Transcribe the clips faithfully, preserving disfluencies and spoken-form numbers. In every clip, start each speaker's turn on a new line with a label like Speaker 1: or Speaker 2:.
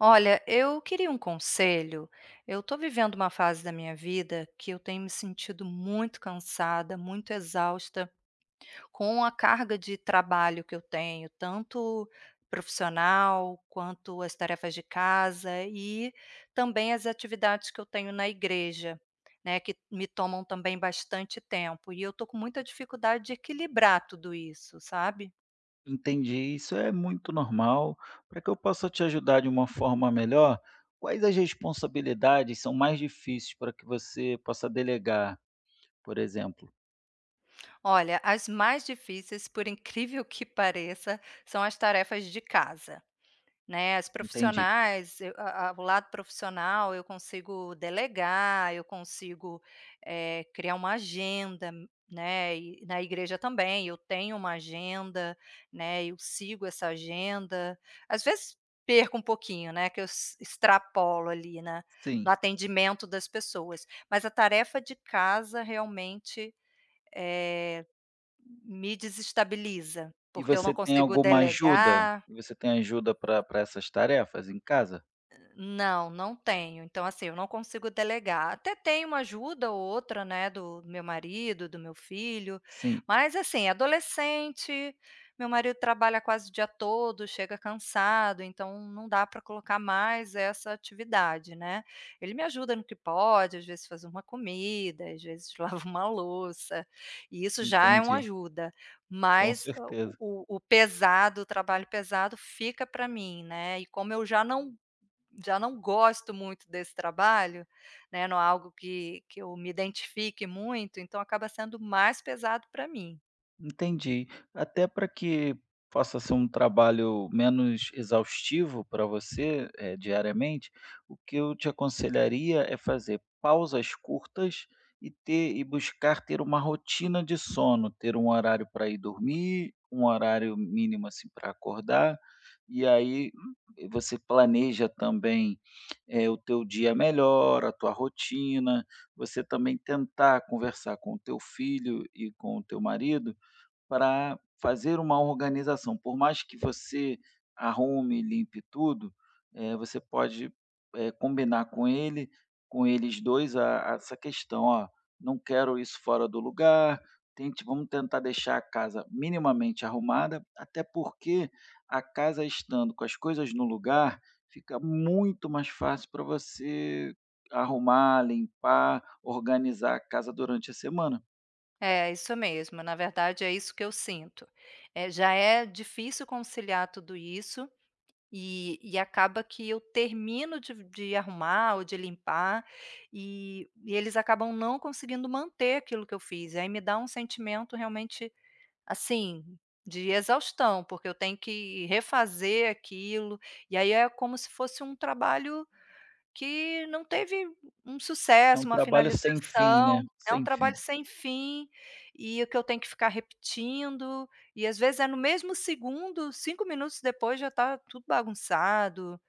Speaker 1: Olha, eu queria um conselho. Eu estou vivendo uma fase da minha vida que eu tenho me sentido muito cansada, muito exausta, com a carga de trabalho que eu tenho, tanto profissional quanto as tarefas de casa e também as atividades que eu tenho na igreja, né, que me tomam também bastante tempo, e eu estou com muita dificuldade de equilibrar tudo isso, sabe?
Speaker 2: Entendi, isso é muito normal. Para que eu possa te ajudar de uma forma melhor, quais as responsabilidades são mais difíceis para que você possa delegar, por exemplo?
Speaker 1: Olha, as mais difíceis, por incrível que pareça, são as tarefas de casa, né, as
Speaker 2: Entendi.
Speaker 1: profissionais, eu a a o lado profissional, eu consigo delegar, eu consigo eh, criar uma agenda, né. E na igreja também, eu tenho uma agenda, né, eu sigo essa agenda. Às vezes, perco um pouquinho, né, que eu ex extrapolo ali na
Speaker 2: S
Speaker 1: no
Speaker 2: sim.
Speaker 1: atendimento das pessoas. Mas a tarefa de casa, realmente, eh, me desestabiliza,
Speaker 2: E
Speaker 1: porque eu não
Speaker 2: você tem
Speaker 1: consigo
Speaker 2: alguma ajuda?
Speaker 1: delegar
Speaker 2: Você tem ajuda para para essas tarefas em casa?
Speaker 1: Não, não tenho. Então, assim, eu não consigo delegar, até tenho uma ajuda ou outra, né, do meu marido, do meu filho,
Speaker 2: Sim.
Speaker 1: mas, assim, é adolescente, meu marido trabalha quase o dia todo, chega cansado, então não dá para colocar mais essa atividade, né, ele me ajuda no que pode, às vezes fazer uma comida, às vezes lava uma louça, e isso já é uma
Speaker 2: Entendi.
Speaker 1: ajuda,
Speaker 2: Com
Speaker 1: mas, ah, o
Speaker 2: certeza.
Speaker 1: o o pesado, o trabalho pesado fica para mim, né, e como eu já não já não gosto muito desse trabalho, né, não é algo que que eu me identifique muito, então acaba sendo mais pesado para mim.
Speaker 2: Entendi. Até para que possa ser um trabalho menos exaustivo para você, eh, diariamente, o que eu te aconselharia é fazer pausas curtas e ter e buscar ter uma rotina de sono, ter um horário para ir dormir, um horário mínimo, assim, para acordar, e aí, hum, eh, você planeja também, eh, o teu dia melhor, a tua rotina, você também tentar conversar com o teu filho e com o teu marido para fazer uma organização. Por mais que você arrume e limpe tudo, eh, você pode, eh, combinar com ele com eles dois a a essa questão. "Ó, não quero isso fora do lugar, tente vamos tentar deixar a casa minimamente arrumada", até porque a casa estando com as coisas no lugar, fica muito mais fácil para você arrumar, limpar, organizar a casa durante a semana.
Speaker 1: É, isso mesmo, na verdade, é isso que eu sinto. Eh, já é difícil conciliar tudo isso, e e acaba que eu termino de v de arrumar ou de limpar, e e eles acabam não conseguindo manter aquilo que eu fiz. Aí, me dá um sentimento, realmente, assim, de exaustão, porque eu tenho que refazer aquilo e, aí, é como se fosse um trabalho que não teve u um
Speaker 2: É
Speaker 1: sucesso,
Speaker 2: um
Speaker 1: uma
Speaker 2: trabalho sem fim,
Speaker 1: finalização,
Speaker 2: né?
Speaker 1: é um
Speaker 2: Sem
Speaker 1: trabalho
Speaker 2: fim.
Speaker 1: sem fim e que eu tenho que ficar repetindo e, às vezes, é no mesmo segundo, cinco minutos depois já tá tudo bagunçado.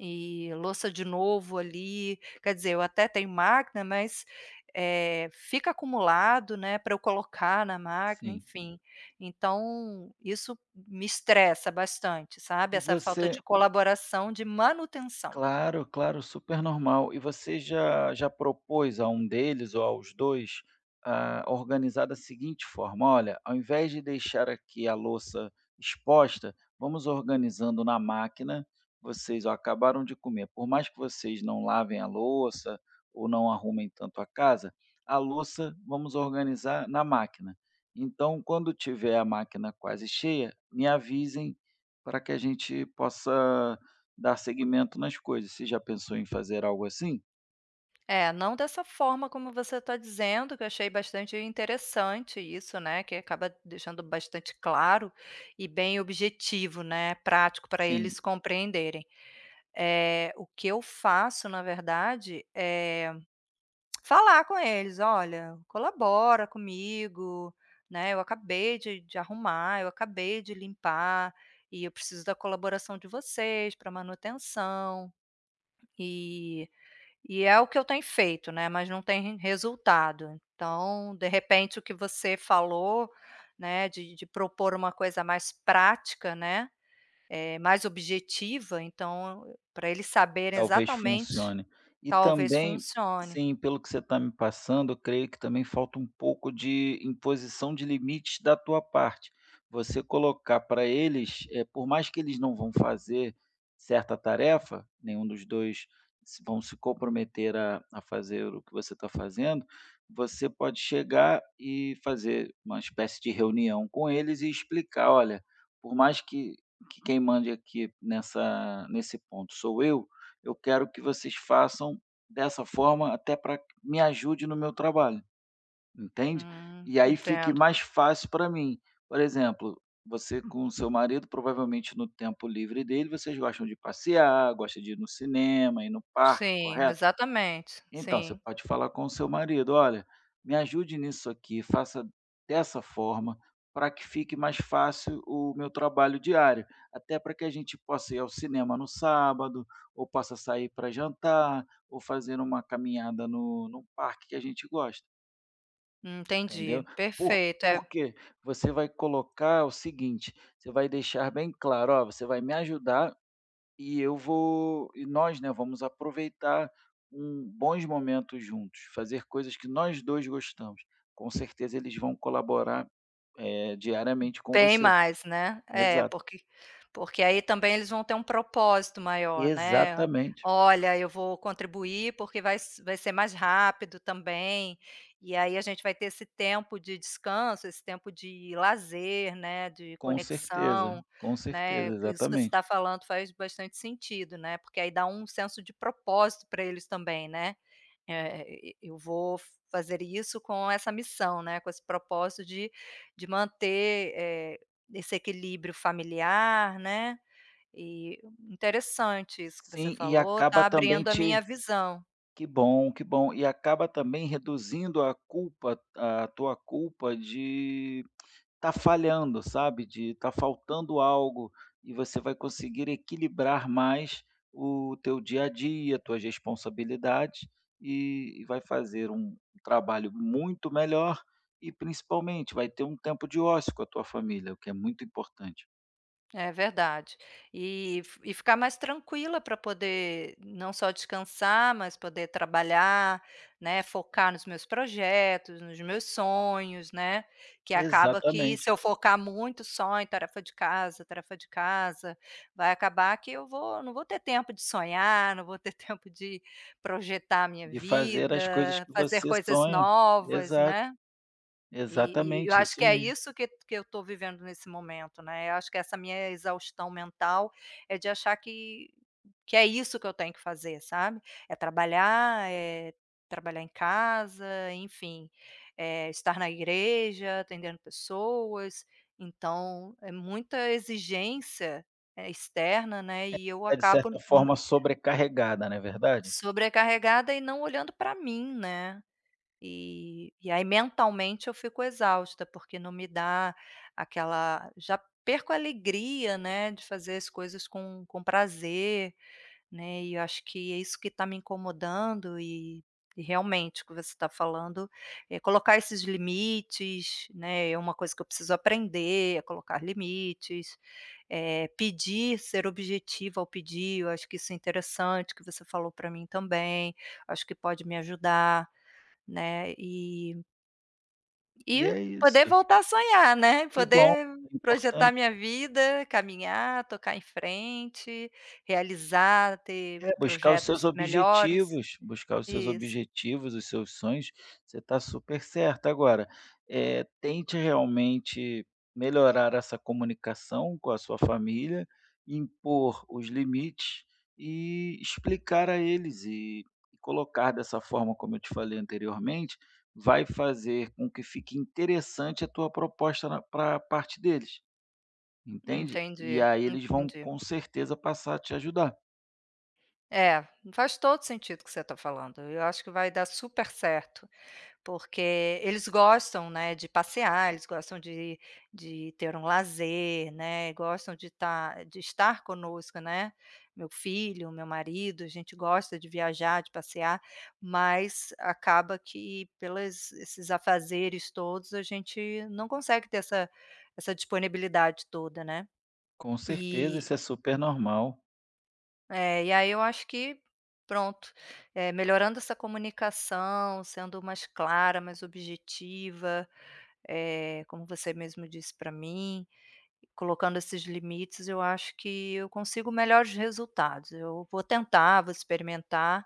Speaker 1: E louça de novo ali Quer dizer, eu até tenho máquina, mas, eh, fica acumulado, né, pra eu colocar na máquina,
Speaker 2: Sim.
Speaker 1: enfim. Então, isso m me estressa bastante, sabe,
Speaker 2: E
Speaker 1: essa falta
Speaker 2: você
Speaker 1: de colaboração, de manutenção.
Speaker 2: Claro, claro, super normal. E você já já propôs a um deles ou aos dois, hã, organizar da seguinte forma: "Olha, ao invés de deixar aqui a louça exposta, vamos organizando na máquina. Vocês, olha, acabaram de comer, por mais que vocês não lavem a louça ou não arrumem tanto a casa, a louça vamos organizar na máquina. Então, quando tiver a máquina quase cheia, me avisem pra que a gente possa dar seguimento nas coisas". Você já pensou em fazer algo, assim?
Speaker 1: É, não dessa forma como você está dizendo, que eu achei bastante interessante isso, né, que acaba deixando bastante claro, e bem objetivo, né, prático para eles
Speaker 2: Sim.
Speaker 1: compreenderem. Eh, o que eu faço na verdade eh, falar com eles: "Olha, colabora comigo, né, eu acabei de de arrumar, eu acabei de limpar, e eu preciso da colaboração de vocês para manutenção.". Eh, e é o que eu tenho feito, né, mas não tem rem resultado. Então, de repente, o que você falou, né, de de propor uma coisa mais prática, né, eh, mais objetiva, então, para eles saberem
Speaker 2: Talvez
Speaker 1: exatalmente,
Speaker 2: funcione. E
Speaker 1: talvez
Speaker 2: também,
Speaker 1: funcione.
Speaker 2: sim, pelo que você está me passando, eu creio que também falta um pouco de imposição de limites da tua parte. Você colocar para eles, eh, por mais que eles não vão fazer certa tarefa, nenhum dos dois se vão se comprometer a a fazer o que você está fazendo, você pode chegar e fazer uma espécie de reunião com eles e explicar: "Olha, por mais que que quem mande aqui nessa nesse ponto sou eu, eu quero que vocês façam dessa forma, até para me ajude no meu trabalho". Entende?
Speaker 1: Hum,
Speaker 2: "E aí fique
Speaker 1: entendo.
Speaker 2: mais fácil para mim". Por exemplo, você com o seu marido, provavelmente, no tempo livre dele, vocês gostam de passear, gostam de ir no cinema, ir no parque,
Speaker 1: Sim,
Speaker 2: correto?
Speaker 1: exatamente,
Speaker 2: Então, você
Speaker 1: sim.
Speaker 2: pode falar com o seu marido, "Olha, me ajude nisso aqui, faça dessa forma, para que fique mais fácil o meu trabalho diário, até para que a gente possa ir ao cinema no sábado, ou possa sair para jantar, ou fazer uma caminhada no no parque que a gente gosta". Entendeu?
Speaker 1: Entendi,
Speaker 2: Por
Speaker 1: perfeito. É
Speaker 2: por quê? Você vai colocar o seguinte: você vai deixar bem claro, "Ó, você vai me ajudar, e eu vou e nós, né, vamos aproveitar um bons momentos juntos, fazer coisas que nós dois gostamos". Com certeza, eles vão colaborar, eh, diariamente com
Speaker 1: Bem
Speaker 2: você.
Speaker 1: mais, né, eh,
Speaker 2: Exato.
Speaker 1: porque porque aí também eles vão ter um propósito maior, né.
Speaker 2: Exatamente.
Speaker 1: "Olha, eu vou contribuir, porque vai s vai ser mais rápido também, e aí a gente vai ter esse tempo de descanso, esse tempo de lazer, né, de
Speaker 2: Com certeza,
Speaker 1: conexão",
Speaker 2: com
Speaker 1: né,
Speaker 2: certeza!
Speaker 1: isso que você está
Speaker 2: Exatamente.
Speaker 1: falando faz bastante sentido, né, porque, aí, dá um senso de propósito para eles também, né. É,e e eu vou fazer isso com essa missão, né, com esse propósito de de manter, eh, esse equilíbrio familiar, né, eh, interessante isso que você
Speaker 2: Sim, e
Speaker 1: falou,
Speaker 2: acaba
Speaker 1: está
Speaker 2: também
Speaker 1: abrindo a minha
Speaker 2: te
Speaker 1: visão.
Speaker 2: Que bom, que bom! E acaba também reduzindo a culpa, a tua culpa, de estar falhando, sabe, de estar faltando algo, e você vai conseguir equilibrar mais o teu dia a dia, tuas responsabilidades, eh, e vai fazer um trabalho muito melhor, e principalmente, vai ter um tempo de ócio com a tua família, o que é muito importante.
Speaker 1: É verdade. E f e ficar mais tranquila para poder, não só descansar, mas poder trabalhar, né, focar nos meus projetos, nos meus sonhos, né, que acaba que, se
Speaker 2: Exatamente.
Speaker 1: eu focar muito só em tarefa de casa, tarefa de casa, vai acabar que eu vou não vou ter tempo de sonhar, não vou ter tempo de projetar a minha
Speaker 2: De fazer as coisas
Speaker 1: vida,
Speaker 2: que
Speaker 1: fazer
Speaker 2: você
Speaker 1: coisas
Speaker 2: sonha
Speaker 1: novas,
Speaker 2: Exato
Speaker 1: né, e e eu
Speaker 2: Exatamente,
Speaker 1: acho que
Speaker 2: isso
Speaker 1: é
Speaker 2: mesmo.
Speaker 1: isso que que eu estou vivendo nesse momento, né. Eu acho que essa minha exaustão mental é de achar que que é isso que eu tenho que fazer, sabe, é trabalhar, é trabalhar em casa, enfim, eh, estar na igreja, atendendo pessoas, então é muita exigência externa, né, e eu
Speaker 2: É de
Speaker 1: acabo
Speaker 2: certa
Speaker 1: n
Speaker 2: forma sobrecarregada, não é verdade?
Speaker 1: Sobrecarregada e não olhando para mim, né, eh, e aí mentalmente eu fico exausta, porque não me dá aquela já perco a alegria, né, de fazer as coisas com com prazer, né. E eu acho que é isso que está me incomodando, e e realmente o que você está falando, é colocar esses limites, né, É uma coisa que eu preciso aprender, é colocar limites, eh, pedir, ser objetiva ao pedir, eu acho que isso é interessante, que você falou para mim, também, acho que pode me ajudar, né. E E
Speaker 2: E é isso.
Speaker 1: poder voltar a sonhar, né?
Speaker 2: Que bom,
Speaker 1: Poder
Speaker 2: é
Speaker 1: projetar a
Speaker 2: importante.
Speaker 1: minha vida, caminhar, tocar em frente, realizar, ter
Speaker 2: É, buscar os seus
Speaker 1: projetos melhores
Speaker 2: objetivos. Buscar os seus
Speaker 1: Isso.
Speaker 2: objetivos, os seus sonhos, você está super certa. Agora, eh, tente realmente melhorar essa comunicação com a sua família, impor os limites e explicar a eles, e e colocar dessa forma, como eu te falei anteriormente, vai fazer com que fique interessante a tua proposta na pra parte deles, entende? E
Speaker 1: Entendi,
Speaker 2: aí eles vão,
Speaker 1: entendi.
Speaker 2: com certeza, passar a te ajudar.
Speaker 1: É, faz todo o sentido o que você está falando e eu acho que vai dar super certo. Porque eles gostam, né, de passear, eles gostam de de ter um lazer, né, gostam de estar de estar conosco, né. Meu filho, meu marido, a gente gosta de viajar, de passear, mas acaba que pelas esses afazeres todos a gente não consegue ter essa essa disponibilidade toda, né?
Speaker 2: Com certeza,
Speaker 1: E
Speaker 2: isso é super normal.
Speaker 1: É, e aí eu acho que, pronto, eh, melhorando essa comunicação, sendo mais clara, mais objetiva, eh, como você mesmo disse para mim, colocando esses limites eu acho que eu consigo melhores resultados, eu vou tentar, vou experimentar,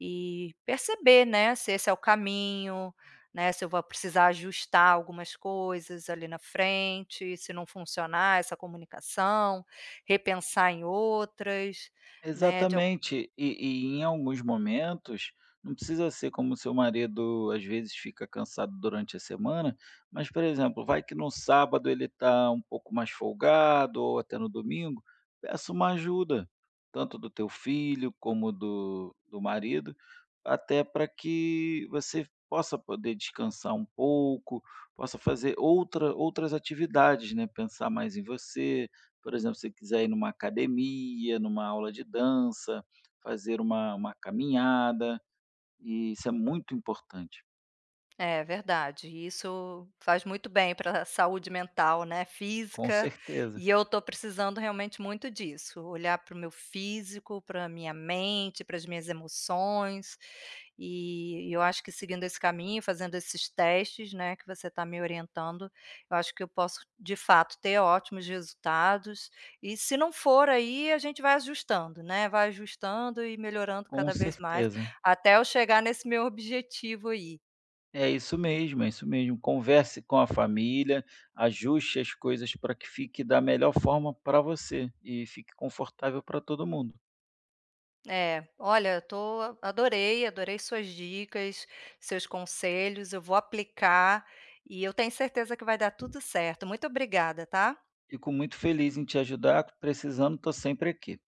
Speaker 1: e perceber, né, se esse é o caminho, né, se eu vou precisar ajustar algumas coisas ali, na frente, se não funcionar essa comunicação, repensar em outras, né, de alg
Speaker 2: Exatamente. E e em alguns momentos, não precisa ser como o seu marido às vezes fica cansado durante a semana, mas por exemplo, vai que no sábado ele está um pouco mais folgado ou até no domingo, peça uma ajuda, tanto do teu filho como do do marido, até para que você possa poder descansar um pouco, possa fazer outra outras atividades, né, pensar mais em você. Por exemplo, se você quiser ir em uma academia, em uma aula de dança, fazer uma uma caminhada, e isso é muito importante.
Speaker 1: É verdade, isso faz muito bem para saúde mental, né,
Speaker 2: Com
Speaker 1: física,
Speaker 2: certeza.
Speaker 1: e eu estou precisando realmente muito disso, olhar para o meu físico, para minha mente, para as minhas emoções, eh, e eu acho que seguindo esse caminho, fazendo esses testes, né, que você está me orientando, eu acho que eu posso, de fato, ter ótimos resultados, e, se não for aí, a gente vai ajustando, né, vai ajustando e melhorando
Speaker 2: Com
Speaker 1: cada vez mais,
Speaker 2: certeza.
Speaker 1: até eu chegar nesse meu objetivo aí.
Speaker 2: É isso mesmo, é isso mesmo. Converse com a família, ajuste as coisas para que fique da melhor forma para você e fique confortável para todo mundo.
Speaker 1: É, olha eu estou adorei, adorei suas dicas, seus conselhos, eu vou aplicar, e eu tenho certeza que vai dar tudo certo, muito obrigada, tá.
Speaker 2: Fico muito feliz em te ajudar, precisando, estou sempre aqui.